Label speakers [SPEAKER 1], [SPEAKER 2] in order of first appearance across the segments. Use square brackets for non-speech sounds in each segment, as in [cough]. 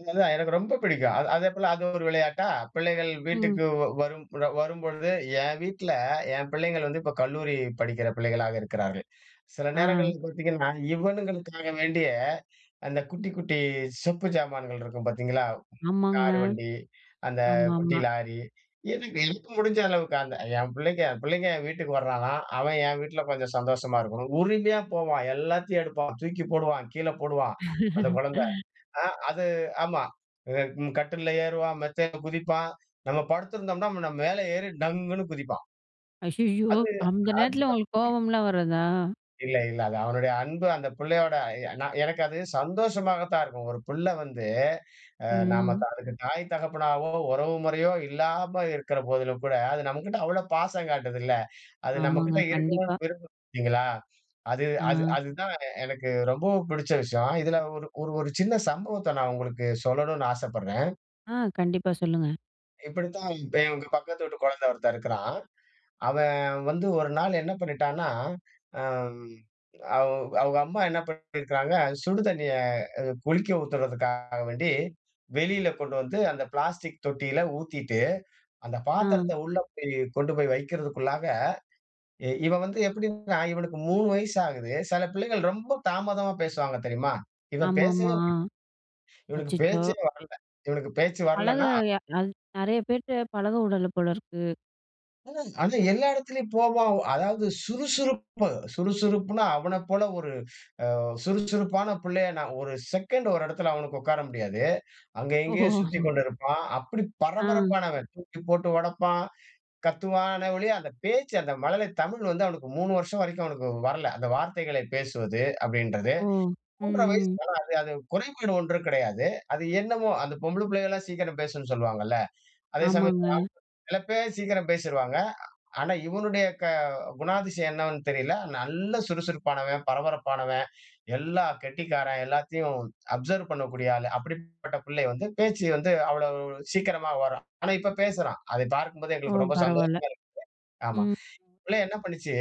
[SPEAKER 1] அது தான் எனக்கு ரொம்ப பிடிக்கும். அத, அதேபோல அது ஒரு விளையாட்டா, பிள்ளைகள்
[SPEAKER 2] ம்.
[SPEAKER 1] வீட்டுக்கு வ வரும் [unintelligible] வரும்பொழுது, ஏன் வீட்ல ஏன் பிள்ளைங்கள் வந்து இப்ப கல்லூரி படிக்கிற பிள்ளைகளா இருக்கிறார்கள். சில
[SPEAKER 2] ஆ.
[SPEAKER 1] நேரங்கள்ல பார்த்தீங்கன்னா, இவனுங்களுக்காக வேண்டியே, அந்த
[SPEAKER 2] ம்.
[SPEAKER 1] குட்டி குட்டி சொப்பு சாமான்கள் இருக்கும் பார்த்தீங்களா,
[SPEAKER 2] ஆமாங்க.
[SPEAKER 1] கார் வண்டி, அந்த
[SPEAKER 2] ஆமா,
[SPEAKER 1] குட்டி
[SPEAKER 2] ஆமா.
[SPEAKER 1] லாரி, [unintelligible] எனக்கு முடிஞ்ச அளவுக்கு அந்த என் பிள்ளைங்க, பிள்ளைங்க என் வீட்டுக்கு வர்றானா! அவன் என் வீட்ல கொஞ்சம் சந்தோஷமா இருக்கணும். உரிமையா போவான், எல்லாத்தையும் எடுப்பான், தூக்கி போடுவான், கீழே போடுவான் அந்த குழந்த.
[SPEAKER 2] [laughs]
[SPEAKER 1] அ அது ஆமா அம் கட்டில்ல ஏறுவான், மெத்தையில குதிப்பான் நம்ம படுத்துருந்தம்ன்னா, நம்ம மேல ஏறி டங்குன்னு குதிப்பான்.
[SPEAKER 2] ஐயய்யோ!
[SPEAKER 1] அது,
[SPEAKER 2] அந்த
[SPEAKER 1] அது.
[SPEAKER 2] நேரத்தில உங்களுக்கு
[SPEAKER 1] [unintelligible]
[SPEAKER 2] கோபம்லாம் வராதா?
[SPEAKER 1] இல்ல, இல்ல. அது அவனுடைய அன்பு. அந்த பிள்ளையோட அ ய எனக்கு அது சந்தோஷமாக தான் இருக்கும். ஒரு புள்ள வந்து அ நாம
[SPEAKER 2] ம்.
[SPEAKER 1] அதுக்கு தாய் தகப்பனாவோ, உறவு முறையோ இல்லாம இருக்குற போதிலும் கூட, அது நம்மக்கிட்ட அவ்ள பாசம் காட்டுதுல்ல. அது
[SPEAKER 2] ஆமாங்க.
[SPEAKER 1] நம்மகிட்ட
[SPEAKER 2] கண்டிப்பா.
[SPEAKER 1] இருக்கனுன்னு விரும்பும் பார்த்தீங்களா? அது அது
[SPEAKER 2] ஆ.
[SPEAKER 1] அதுதான் எனக்கு ரொம்பவும் புடிச்ச விஷயம். இதில ஒரு ஒரு ஒரு சின்ன சம்பவத்த நான் உங்களுக்கு சொல்லனுன்னு ஆசைப்பட்றேன்,
[SPEAKER 2] ஆ, கண்டிப்பா சொல்லுங்க.
[SPEAKER 1] இப்பிடித்தான் [unintelligible] பக்கத்து வீட்டு குழந்தை ஒருத்தன் இருக்கிறான். அவன் வந்து ஒரு நாள் என்ன பண்ணிட்டான்னா, அம். அவ் அவுங்க அம்மா என்ன பண்ணிட்டு போயிருக்காங்க, சுடு தண்ணீய அ குளிக்க ஊத்துறதுக்காக வேண்டி வெளியில கொண்டு வந்து, அந்த பிளாஸ்டிக் தொட்டியில ஊத்திட்டு, அந்த
[SPEAKER 2] அ.
[SPEAKER 1] பாத்திரத்த உள்ள போயி கொண்டு போய் வைக்கிறதுக்குள்ளாக, இ இவன் வந்து எப்பிடின்னா, இவனுக்கு 3 வயசு ஆகுது. சில பிள்ளைகள் ரொம்ப தாமதமா பேசுவாங்க தெரியுமா? இவன்
[SPEAKER 2] ஆமா, ஆமா.
[SPEAKER 1] பேசவே [unintelligible]
[SPEAKER 2] அ
[SPEAKER 1] இவனுக்கு
[SPEAKER 2] அச்சச்சோ!
[SPEAKER 1] பேச்சே வரல. இவனுக்கு பேச்சு
[SPEAKER 2] பழக
[SPEAKER 1] வரலன்னா
[SPEAKER 2] எ அது நெறைய பேருட்ட பழக விடல போலருக்கு.
[SPEAKER 1] ஆனா, எல்லா இடத்திலயும் போவான். அதாவது சுறுசுறுப்பு சுறுசுறுப்புன்னா அவன போல ஒரு அ சுறுசுறுப்பான புள்ளைய நான் ஒரு செகண்ட் ஒரு இடத்தில அவனுக்கு உட்கார முடியாது. அங்கே, இங்கே
[SPEAKER 2] ஓ!
[SPEAKER 1] சுத்திக்கொண்டு இருப்பான். அப்பிடி
[SPEAKER 2] ஆ.
[SPEAKER 1] பரபரப்பானவன், தூக்கிப்போட்டு ஒடப்பான். கத்துவான்னே ஒழிய, அந்த பேச்சு அந்த மழலை தமிழ் வந்து அவனுக்கு 3 வருஷம் வரைக்கும் அவனுக்கு வரல. அந்த வார்த்தைகளை பேசுவது அப்பிடின்றது
[SPEAKER 2] ஓ! ம்,
[SPEAKER 1] 3 வயசு
[SPEAKER 2] ம்.
[SPEAKER 1] [unintelligible] அது குறைபாடு ஒன்றும் கெடையாது. அது என்னம்மோ! அந்த பொம்பள புள்ளைகள்லாம் சீக்கிரம் பேசும்ன்னு சொல்வாங்கல்ல. அதே சமயம் இந்த
[SPEAKER 2] ஆமாங்க.
[SPEAKER 1] [unintelligible] சில பேர் சீக்கிரம் பேசிருவாங்க. அ ஆனா, இவனுடைய க குணாதிசயம் என்னவென்னு தெரியல. நல்ல சுறுசுறுப்பானவன், பரபரப்பானவன், எல்லா கெட்டிக்காரன், எல்லாத்தையும் அப்சர்வ் பண்ணக்கூடிய ஆளு. அப்பிடிப்பட்ட பிள்ளை வந்து பேச்சு வந்து அவ்வளவு சீக்கிரமா வரும். ஆனா, இப்ப பேசுறான். அதை பார்க்கும்போது
[SPEAKER 2] ஓ!
[SPEAKER 1] எங்களுக்கு ரொம்ப
[SPEAKER 2] பரவாயில்ல,
[SPEAKER 1] சந்தோஷமாக இருக்கு [unintelligible] ஆமா.
[SPEAKER 2] ம்.
[SPEAKER 1] பிள்ளை என்ன பண்ணுச்சு?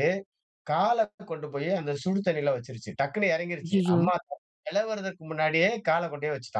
[SPEAKER 1] காலை [unintelligible] கொண்டு போய் அந்த சுடு தண்ணீல வச்சிருச்சு. டக்குன்னு இறங்கிருச்சு.
[SPEAKER 2] ஐய்யய்யோ!
[SPEAKER 1] அம்மா [unintelligible] முன்னாடியே கால கொண்டு போய் வச்சுட்டான்.